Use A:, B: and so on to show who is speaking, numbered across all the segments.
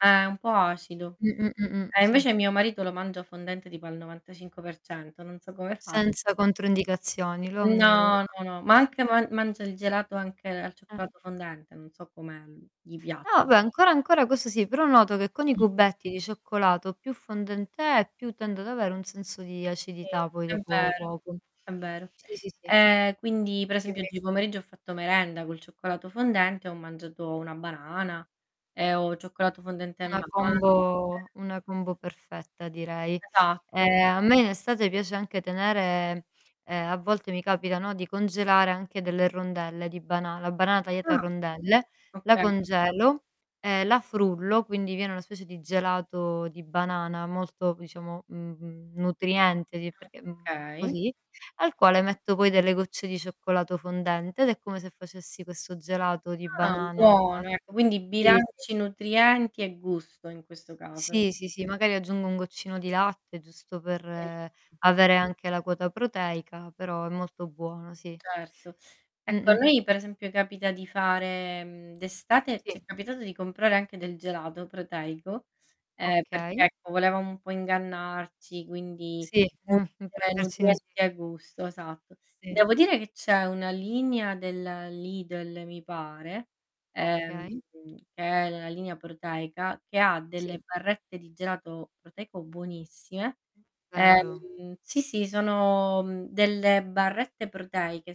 A: Eh, è un po' acido.
B: Mh, mh, mh, mh.
A: Eh,
B: Si
A: invece mio marito lo mangia fondente tipo al 95%, non so come faccia.
B: Senza controindicazioni, lo ammiro
A: No,
B: [unintelligible]
A: no, no, ma anche man mangia il gelato anche al
B: Eh.
A: cioccolato fondente, non so come gli pia
B: Ah beh, ancora, ancora questo sì, però noto che con i
A: Mh.
B: cubetti di cioccolato più fondente è, più tende ad avere un senso di
A: Sì,
B: acidità poi
A: è
B: dopo
A: vero,
B: poco.
A: è vero.
B: Sì, sì, sì.
A: E quindi, per esempio,
B: [unintelligible]
A: oggi pomeriggio ho fatto merenda col cioccolato fondente, ho mangiato una banana e ho cioccolato fondente e
B: Una
A: mandorle
B: combo una combo perfetta direi.
A: Esatto.
B: Ehm, a me in estate piace anche tenere ehm, a volte mi capita, no, di congelare anche delle rondelle di banana, la banana tagliata a
A: Ah.
B: rondelle, la
A: Okay.
B: congelo e la frullo, quindi viene una specie di gelato di banana, molto diciamo, mhmm, nutriente di perché, mhmm,
A: Okay.
B: così, al quale metto poi delle gocce di cioccolato fondente ed è come se facessi questo gelato di
A: Ah,
B: banana
A: buono ecco, quindi
B: sì, sì.
A: bilanci nutrienti e gusto in questo caso.
B: Sì, sì, sì, magari aggiungo un goccino di latte, giusto per
A: Mh.
B: avere anche la quota proteica, però è molto buono sì.
A: Certo. Ecco a
B: Mh-mh.
A: noi per esempio, capita di fare, mhmm, d'estate ci è
B: Sì.
A: capitato di comprare anche del gelato proteico, ehm, perch
B: Okay.
A: ecco volevamo un po' ingannarci, quindi
B: Sì, mh,
A: [unintelligible]
B: può metterci in [unintelligible]
A: nutrienti e gusto, esatto.
B: Sì.
A: Devo dire che c'è una linea del Lidl mi pare, ehm,
B: Okay.
A: che è la linea proteica, che ha
B: Sì.
A: delle barrette di gelato proteico buonissime.
B: Vero.
A: Ehm, sì, sì, sono, mhmm, delle barrette proteiche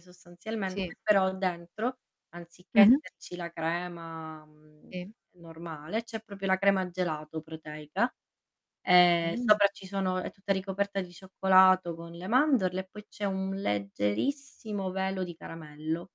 B: Sì.
A: sostanzialmente, però dentro anziché
B: Mh-mh.
A: esserci la crema, mhmm,
B: Sì.
A: normale, c'è proprio la crema gelato proteica e
B: Mh.
A: sopra ci sono è tutta ricoperta di cioccolato con le mandorle e poi c'è un leggerissimo velo di caramello.